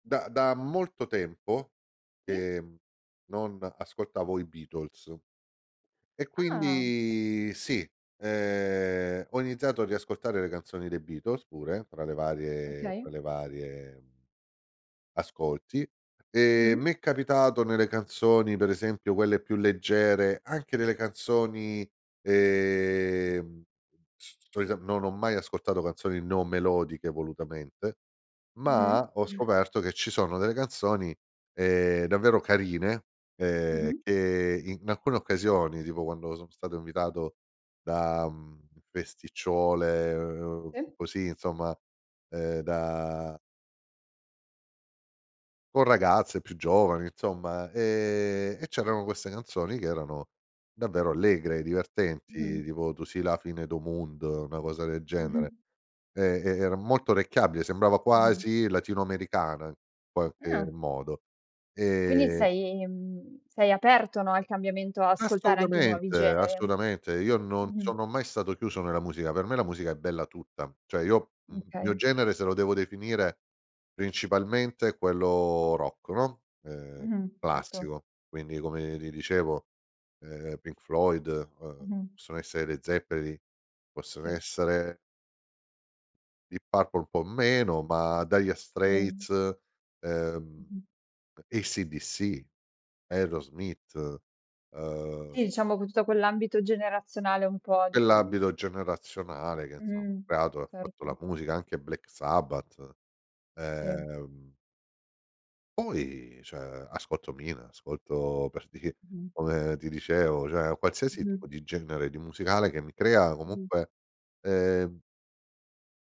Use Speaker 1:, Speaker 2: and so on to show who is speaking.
Speaker 1: Da da molto tempo,
Speaker 2: Sì.
Speaker 1: ehm, non ascoltavo i Beatles. E
Speaker 2: Ah!
Speaker 1: quindi sì, ehm, ho iniziato a riascoltare le canzoni dei Beatles pure, fra le varie fra
Speaker 2: Okay.
Speaker 1: le varie ascolti e
Speaker 2: Mh-mh.
Speaker 1: m'è capitato nelle canzoni, per esempio quelle più leggere, anche nelle canzoni ehm c cioè no, non ho mai ascoltato canzoni non melodiche volutamente, ma
Speaker 2: Mh-mh.
Speaker 1: ho scoperto che ci sono delle canzoni ehm, davvero carine ehm,
Speaker 2: Mh-mh.
Speaker 1: che in alcune occasioni, tipo quando sono stato invitato da festicciole, ehm,
Speaker 2: Sì.
Speaker 1: così insomma, ehm da Con ragazze più giovani insomma e e c'erano queste canzoni che erano davvero allegre, divertenti
Speaker 2: Mh-mh.
Speaker 1: tipo Tu si la fine do' munno, una cosa del genere.
Speaker 2: Mh-mh.
Speaker 1: E e era molto orecchiabile, sembrava
Speaker 2: Mh-mh.
Speaker 1: quasi latino americana, in qualche
Speaker 2: Ah.
Speaker 1: modo.
Speaker 2: Quindi
Speaker 1: E
Speaker 2: sei mhmm, sei aperto no al cambiamento, ascoltare anche i nuovi
Speaker 1: Assolutamente
Speaker 2: generi?
Speaker 1: assolutamente. Io non
Speaker 2: Mh-mh.
Speaker 1: sono mai stato chiuso nella musica, per me la musica è bella tutta. Cioè io, il mio
Speaker 2: Okay.
Speaker 1: genere se lo devo definire principalmente è quello rock, no, ehm,
Speaker 2: Mh-mh, certo.
Speaker 1: classico, quindi come ti dicevo ehm, Pink Floyd uhm,
Speaker 2: Mh-mh.
Speaker 1: possono essere i Led Zeppelin, possono
Speaker 2: Sì.
Speaker 1: essere Deep Purple un po' meno, ma Dire
Speaker 2: Sì.
Speaker 1: Straits, ehm,
Speaker 2: Mh-mh.
Speaker 1: AC/DC, Aerosmith, ehm
Speaker 2: Sì, diciamo con tutto quell'ambito generazionale un po' di quel
Speaker 1: Quell'ambito generazionale che insomma ha
Speaker 2: Mh-mh.
Speaker 1: creato e fatto
Speaker 2: Certo.
Speaker 1: la musica anche Black Sabbath.
Speaker 2: Sì.
Speaker 1: Ehm. Poi cioè ascolto Mina, ascolto per dire
Speaker 2: Mh-mh.
Speaker 1: come ti dicevo, cioè qualsiasi tipo
Speaker 2: Mh-mh.
Speaker 1: di genere di musicale che mi crea
Speaker 2: Mh-mh.
Speaker 1: comunque, ehm.